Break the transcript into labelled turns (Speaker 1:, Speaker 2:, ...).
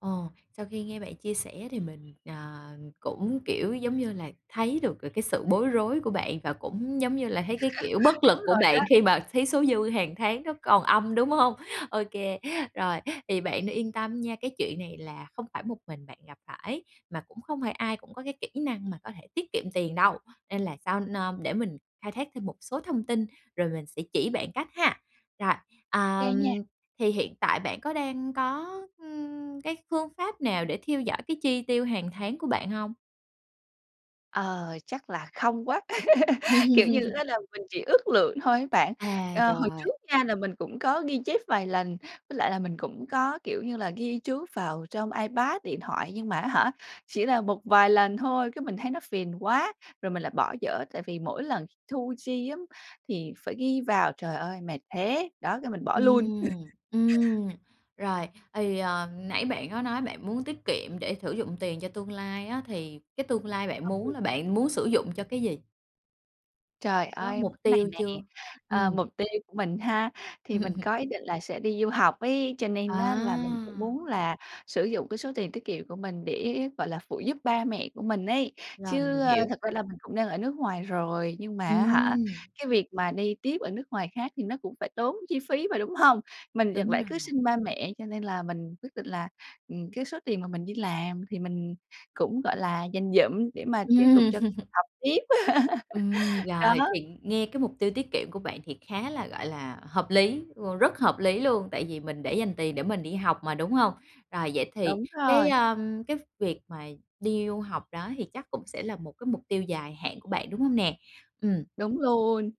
Speaker 1: Ờ, sau khi nghe bạn chia sẻ thì mình, ờ, cũng, kiểu, giống như là, thấy được là cái sự bối rối của bạn và cũng, giống như là, thấy cái, kiểu, bất lực
Speaker 2: Đúng
Speaker 1: của
Speaker 2: rồi đó.
Speaker 1: bạn khi mà thấy số dư hàng tháng nó còn âm, đúng hông? Ô kê, rồi, thì bạn yên tâm nha, cái chuyện này là không phải một mình bạn gặp phải, mà cũng không phải ai cũng có cái kỹ năng mà có thể tiết kiệm tiền đâu, nên là sau nơ để mình khai thác thêm một số thông tin rồi mình sẽ chỉ bạn cách ha. Rồi,
Speaker 2: Ô kê nha.
Speaker 1: ờm, thì hiện tại bạn có đang có, ừm, cái phương pháp nào để theo dõi cái chi tiêu hàng tháng của bạn hông?
Speaker 2: Ờ, chắc là không quá, kiểu như á, là mình chỉ ước lượng thôi á bạn.
Speaker 1: À,
Speaker 2: Ờ, hồi
Speaker 1: rồi.
Speaker 2: trước nha là mình cũng có ghi chép vài lần, với lại là mình cũng có, kiểu như là, ghi chú vào trong iPad, điện thoại, nhưng mà á hả, chỉ là một vài lần thôi, cái mình thấy nó phiền quá, rồi mình lại bỏ dở. Tại vì mỗi lần thu chi thì á, thì phải ghi vào, trời ơi mệt thế! Đó, cái mình bỏ luôn.
Speaker 1: Ừm, ừm, rồi, thì, ờm, nãy bạn có nói bạn muốn tiết kiệm để sử dụng tiền cho tương lai á, thì cái tương lai bạn muốn
Speaker 2: Ừ.
Speaker 1: là bạn muốn sử dụng cho cái gì?
Speaker 2: Trời
Speaker 1: Bạn có
Speaker 2: ơi,
Speaker 1: mục
Speaker 2: có cái này
Speaker 1: tiêu
Speaker 2: nè,
Speaker 1: chưa?
Speaker 2: ờ,
Speaker 1: Ừm.
Speaker 2: mục tiêu của mình ha, thì mình có ý định là sẽ đi du học ấy, cho nên á, là mình cũng
Speaker 1: À!
Speaker 2: muốn là sử dụng cái số tiền tiết kiệm của mình để, gọi là, phụ giúp ba mẹ của mình ấy.
Speaker 1: Rồi,
Speaker 2: Chứ
Speaker 1: mình hiểu.
Speaker 2: thực ra là mình cũng đang ở nước ngoài rồi, nhưng mà á hả,
Speaker 1: Ừm.
Speaker 2: cái việc mà đi tiếp ở nước ngoài khác thì nó cũng phải tốn chi phí mà, đúng hông? Mình chẳng
Speaker 1: Đúng
Speaker 2: lẽ cứ
Speaker 1: rồi.
Speaker 2: xin ba mẹ, cho nên là mình quyết định là, ừm, cái số tiền mà mình đi làm thì mình cũng, gọi là, dành dụm để mà tiếp tục
Speaker 1: Ừm.
Speaker 2: cho việc học tiếp.
Speaker 1: Ừm, rồi,
Speaker 2: Đó.
Speaker 1: thì nghe cái mục tiêu tiết kiệm của bạn thì khá là, gọi là, hợp lý, ờ, rất hợp lý luôn! Tại vì mình để dành tiền để mình đi học mà, đúng hông? Rồi vậy thì
Speaker 2: Đúng
Speaker 1: cái,
Speaker 2: rồi.
Speaker 1: ờm, cái việc mà đi du học đó thì chắc cũng sẽ là một cái mục tiêu dài hạn của bạn, đúng hông nè? Ừm.
Speaker 2: Đúng luôn.